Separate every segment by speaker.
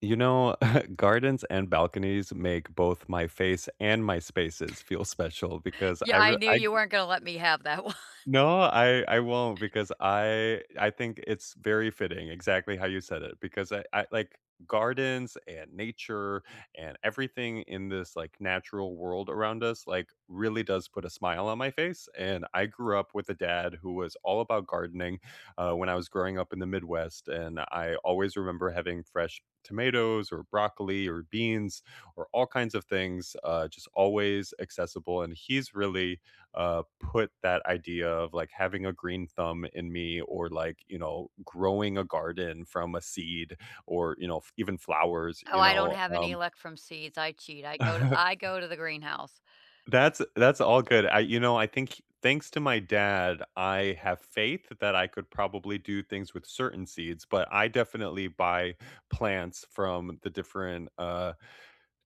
Speaker 1: You know, gardens and balconies make both my face and my spaces feel special, because I
Speaker 2: Yeah, I
Speaker 1: re
Speaker 2: knew
Speaker 1: I
Speaker 2: you
Speaker 1: grew
Speaker 2: weren't gonna let me have that one.
Speaker 1: No, I I won't, because I I think it's very fitting, exactly how you said it, because I I like, gardens, and nature, and everything in this, like, natural world around us, like, really does put a smile on my face, and I grew up with a dad who was all about gardening, uh, when I was growing up in the Midwest, and I always remember having fresh tomatoes, or broccoli or beans, or all kinds of things, uh, just always accessible, and he's really, uh, put that idea of, like, having a green thumb in me, or like, you know, growing a garden from a seed, or, you know, f even flowers,
Speaker 2: Oh,
Speaker 1: you
Speaker 2: I don't
Speaker 1: know,
Speaker 2: have any
Speaker 1: um
Speaker 2: luck from seeds, I cheat, I go I go to the greenhouse.
Speaker 1: That's that's all good, I you know, I think thanks to my dad, I have faith that I could probably do things with certain seeds, but I definitely buy plants from the different, uh,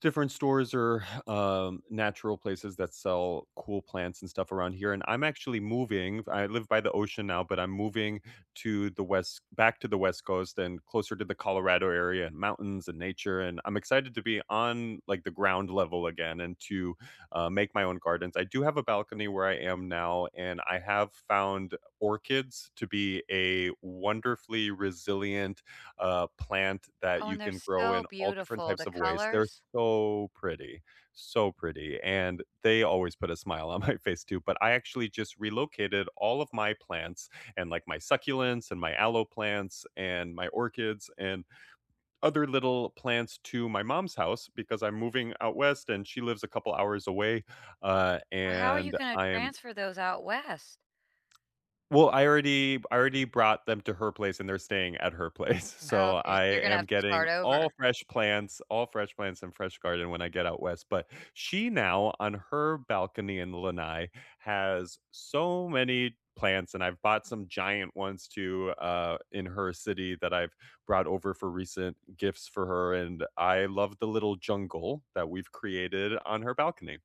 Speaker 1: different stores or, um, natural places that sell cool plants and stuff around here, and I'm actually moving, I live by the ocean now, but I'm moving to the west back to the West Coast, and closer to the Colorado area, and mountains and nature, and I'm excited to be on, like, the ground level again, and to, uh, make my own gardens, I do have a balcony where I am now, and I have found orchids to be a wonderfully resilient, uh, plant that
Speaker 2: Oh,
Speaker 1: you
Speaker 2: and they're
Speaker 1: can grow in
Speaker 2: so
Speaker 1: all different
Speaker 2: beautiful,
Speaker 1: types
Speaker 2: the
Speaker 1: of ways, they're
Speaker 2: colors.
Speaker 1: so pretty, so pretty, and they always put a smile on my face too, but I actually just relocated all of my plants, and, like, my succulents, and my aloe plants, and my orchids, and other little plants to my mom's house, because I'm moving out west, and she lives a couple hours away, uh,
Speaker 2: How are you
Speaker 1: and
Speaker 2: gonna
Speaker 1: I'm
Speaker 2: transfer those out west?
Speaker 1: Well, I already b I already brought them to her place, and they're staying at her place,
Speaker 2: Oh
Speaker 1: so
Speaker 2: okay so
Speaker 1: I
Speaker 2: you're gonna
Speaker 1: am
Speaker 2: have to
Speaker 1: getting
Speaker 2: start
Speaker 1: all
Speaker 2: over.
Speaker 1: fresh plants, all fresh plants and fresh garden when I get out west, but she now, on her balcony in Lenai, has so many plants, and I've bought some giant ones too, uh, in her city that I've brought over for recent gifts for her, and I love the little jungle that we've created on her balcony.